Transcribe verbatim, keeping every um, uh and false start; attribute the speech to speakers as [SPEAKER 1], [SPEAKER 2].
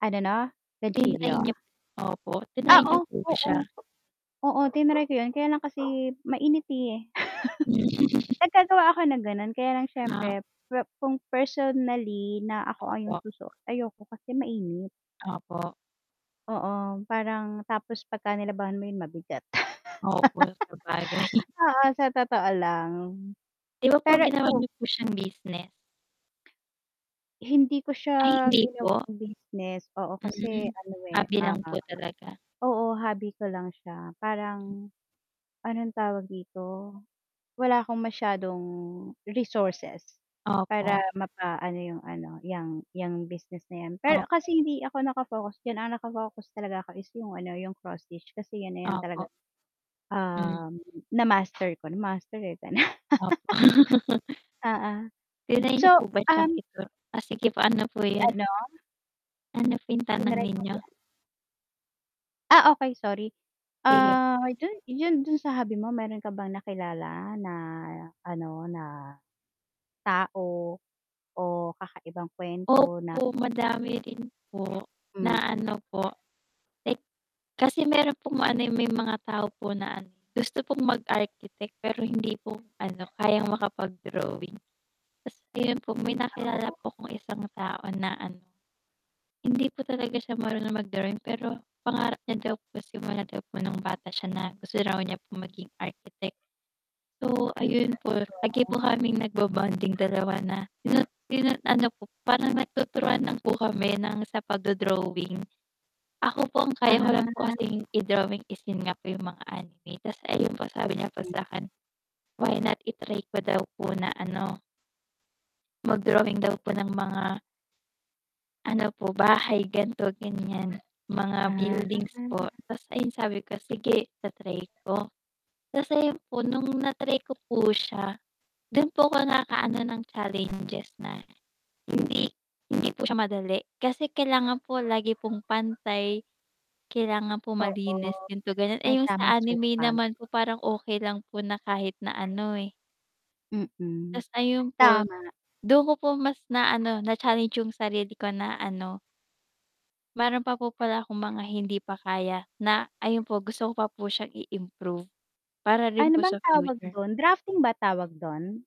[SPEAKER 1] Ano 'no,
[SPEAKER 2] Kinain
[SPEAKER 1] ganchillo?
[SPEAKER 2] niya opo. Tinry
[SPEAKER 1] Ah
[SPEAKER 2] niyo
[SPEAKER 1] oh,
[SPEAKER 2] po ba
[SPEAKER 1] oo.
[SPEAKER 2] siya?
[SPEAKER 1] Oo. Tinry ko 'yun kaya lang kasi mainit, eh.
[SPEAKER 2] Hmm.
[SPEAKER 1] Naggagawa ako ng ganun kaya lang
[SPEAKER 2] Na?
[SPEAKER 1] siyempre per kung personally na ako ay yung
[SPEAKER 2] Opo.
[SPEAKER 1] susuot, ayoko kasi mainit.
[SPEAKER 2] Opo.
[SPEAKER 1] Oo, parang tapos 'pag ka nilabhan mo 'yun, mabigat.
[SPEAKER 2] Opo, sabagay.
[SPEAKER 1] Oo, sa totoo lang.
[SPEAKER 2] 'Di ba po
[SPEAKER 1] Pero
[SPEAKER 2] ginawa
[SPEAKER 1] ikaw
[SPEAKER 2] niyo po siyang business?
[SPEAKER 1] Hindi ko
[SPEAKER 2] Ay,
[SPEAKER 1] siya
[SPEAKER 2] hindi po.
[SPEAKER 1] ginawang business oo,
[SPEAKER 2] Hmm,
[SPEAKER 1] kasi ano, eh,
[SPEAKER 2] hobby
[SPEAKER 1] ah
[SPEAKER 2] lang po talaga.
[SPEAKER 1] oo, hobby ko lang siya. Parang anong tawag dito? Wala akong masyadong resources para
[SPEAKER 2] Opo.
[SPEAKER 1] mapaano yung ano, 'yang 'yang business na 'yan.
[SPEAKER 2] Op
[SPEAKER 1] Pero kasi hindi ako naka-focus diyan, ang naka-focus talaga ako is yung ano, yung cross stitch kasi 'yan, eh, na 'yan talaga,
[SPEAKER 2] Opo. Hmm.
[SPEAKER 1] um, na-master ko na. Na-master, eh.
[SPEAKER 2] Opo.
[SPEAKER 1] Oo.
[SPEAKER 2] Tinry
[SPEAKER 1] So,
[SPEAKER 2] niyo po ba siyang
[SPEAKER 1] um
[SPEAKER 2] ito ah, sige po, ano po
[SPEAKER 1] Si
[SPEAKER 2] 'yun?
[SPEAKER 1] ano
[SPEAKER 2] Ano po yung tanong
[SPEAKER 1] Tinry ko
[SPEAKER 2] ninyo?
[SPEAKER 1] 'yan. Ah, okey sorry.
[SPEAKER 2] Sige p
[SPEAKER 1] Ah, [unintelligible] dun, 'yun dun sa hobby mo, meron ka bang nakilala na ano, na tao o kakaibang kuwento na
[SPEAKER 2] Opo, madami rin po
[SPEAKER 1] Hmm.
[SPEAKER 2] na ano po like kasi meron pong ano, eh, may mga tao po na ano, gusto pong mag-architect, pero hindi po ano, kayang makapag-drawing. Ta's ayun po, may
[SPEAKER 1] Ah,
[SPEAKER 2] nakilala
[SPEAKER 1] oo.
[SPEAKER 2] po akong isang tao na ano, hindi po talaga siya marunong mag-drawing, pero pangarap niya daw po simula daw po nung bata siya na gusto raw niya po maging architect. So, ayun po, lagi
[SPEAKER 1] Oo.
[SPEAKER 2] po kaming nagbo-bonding dalawa na tinu tinu ano po, parang nagtuturan lang po kami ng sa pagdo-drawing. Ako po ang kaya ko lang po
[SPEAKER 1] Ah.
[SPEAKER 2] kasing i-drawing is 'yun nga po, yung mga anime ta's ayun po sabi niya po
[SPEAKER 1] Hmm.
[SPEAKER 2] sa'kin why not i-try ko daw po na ano mag-drawing daw po ng mga ano po, bahay, gan'to, ganyan. Mga
[SPEAKER 1] Ah.
[SPEAKER 2] buildings po ta's ayun sabi ko, "Sige ita-try ko." Ta's ayun po, nung na-try ko po siya, dun po ko naka-ano ng challenges na hindi hindi po siya madali kasi kailangan po lagi pong pantay. Kailangan po
[SPEAKER 1] Oo,
[SPEAKER 2] malinis, ganito, ganyan. Eh,
[SPEAKER 1] may
[SPEAKER 2] yung
[SPEAKER 1] tamang
[SPEAKER 2] sa anime
[SPEAKER 1] sukat.
[SPEAKER 2] naman po parang okey lang po na kahit na ano, eh
[SPEAKER 1] Mm.
[SPEAKER 2] Ta's ayun po,
[SPEAKER 1] Tama.
[SPEAKER 2] dun ko po mas na ano, na-challenge yung sarili ko na ano meron pa po pala akong mga hindi pa kaya na ayun po gusto ko pa po siyang i-improve para rin
[SPEAKER 1] Ano
[SPEAKER 2] po
[SPEAKER 1] bang
[SPEAKER 2] sa
[SPEAKER 1] tawag
[SPEAKER 2] future.
[SPEAKER 1] dun? Drafting ba tawag dun?